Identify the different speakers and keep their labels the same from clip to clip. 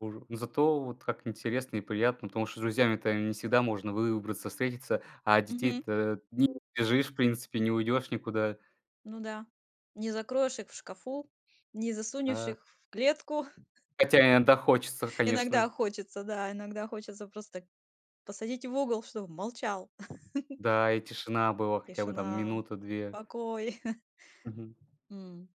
Speaker 1: Уже. Зато вот как интересно и приятно, потому что с друзьями-то не всегда можно выбраться, встретиться. А от
Speaker 2: Мгм.
Speaker 1: детей-то не убежишь, в принципе, не уйдешь никуда.
Speaker 2: Ну да. Не закроешь их в шкафу, не засунешь
Speaker 1: Да.
Speaker 2: их в клетку.
Speaker 1: Хотя иногда хочется,
Speaker 2: Иногда
Speaker 1: конечно.
Speaker 2: хочется, да, иногда хочется просто так посадить в угол, чтобы молчал.
Speaker 1: Да. И тишина была хотя бы там,
Speaker 2: Тишина,
Speaker 1: минута, 2.
Speaker 2: покой.
Speaker 1: Мгм.
Speaker 2: М.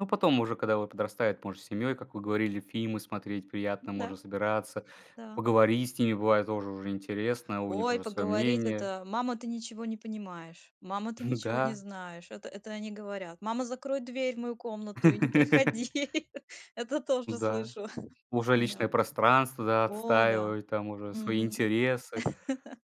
Speaker 1: Ну, потом уже когда вот подрастают, можно семьей, как вы говорили, фильмы смотреть
Speaker 2: М,
Speaker 1: приятно,
Speaker 2: да.
Speaker 1: можно собираться,
Speaker 2: Да.
Speaker 1: поговорить с ними бывает тоже уже интересно. У них
Speaker 2: Ой,
Speaker 1: уже свое
Speaker 2: поговорить
Speaker 1: мнение.
Speaker 2: это: "Мама, ты ничего не понимаешь. Мама, ты
Speaker 1: Ну
Speaker 2: ничего не
Speaker 1: да.
Speaker 2: знаешь". Это это они говорят: "Мама, закрой дверь в мою комнату и не приходи". Это тоже
Speaker 1: М-да.
Speaker 2: слышу.
Speaker 1: Уже личное
Speaker 2: М-да.
Speaker 1: пространство, да,
Speaker 2: О да.
Speaker 1: отстаивают там уже свои
Speaker 2: Мгм.
Speaker 1: интересы.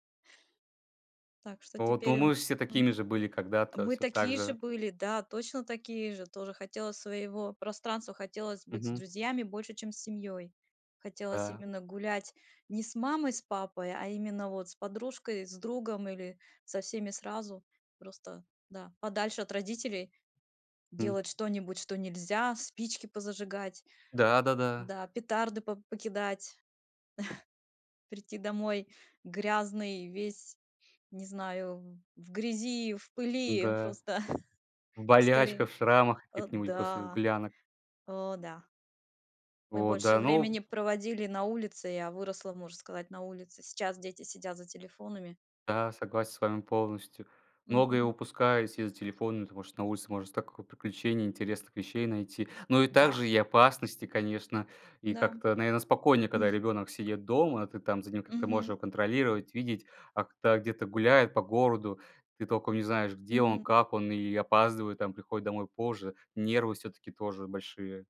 Speaker 2: Так, что
Speaker 1: Вот,
Speaker 2: теперь,
Speaker 1: но
Speaker 2: э
Speaker 1: мы же все
Speaker 2: М?
Speaker 1: такими же были когда-то,
Speaker 2: Мы
Speaker 1: всё так
Speaker 2: такие же
Speaker 1: же.
Speaker 2: были. Да, точно такие же. Тоже хотелось своего пространства, хотелось быть с
Speaker 1: Мгм.
Speaker 2: друзьями больше, чем с семьёй. Хотелось
Speaker 1: Да.
Speaker 2: именно гулять ни с мамой, с папой, а именно вот с подружкой, с другом или со всеми сразу. Просто, да, подальше от родителей
Speaker 1: М.
Speaker 2: делать что-нибудь, что нельзя. Спички позажигать,
Speaker 1: Да да-да.
Speaker 2: да, петарды по покидать, прийти домой грязный весь, не знаю, в грязи, в пыли
Speaker 1: Н-да.
Speaker 2: просто
Speaker 1: В
Speaker 2: и скорее.
Speaker 1: болячках, в шрамах
Speaker 2: Э,
Speaker 1: каких-нибудь после
Speaker 2: да!
Speaker 1: гулянок.
Speaker 2: О да! Мы
Speaker 1: Вот,
Speaker 2: больше
Speaker 1: да.
Speaker 2: времени
Speaker 1: Ну
Speaker 2: проводили на улице. Я выросла, можно сказать, на улице. Сейчас дети сидят за телефонами.
Speaker 1: Да, согласен с вами полностью. Многое
Speaker 2: Мгм.
Speaker 1: упускают, сидя за телефоном. Потому что на улице можно стока приключений, интересных вещей найти. Ну и
Speaker 2: Да.
Speaker 1: также и опасности, конечно. И
Speaker 2: Да.
Speaker 1: как-то, наверно, спокойнее, когда ребенок сидит дома, ты там за ним, как-то можешь
Speaker 2: Мгм.
Speaker 1: его контролировать, видеть. А когда где-то гуляет по городу, ты толком не знаешь, где он,
Speaker 2: Мгм.
Speaker 1: как он и опаздывает, там приходит домой позже. Нервы всё-таки тоже большие.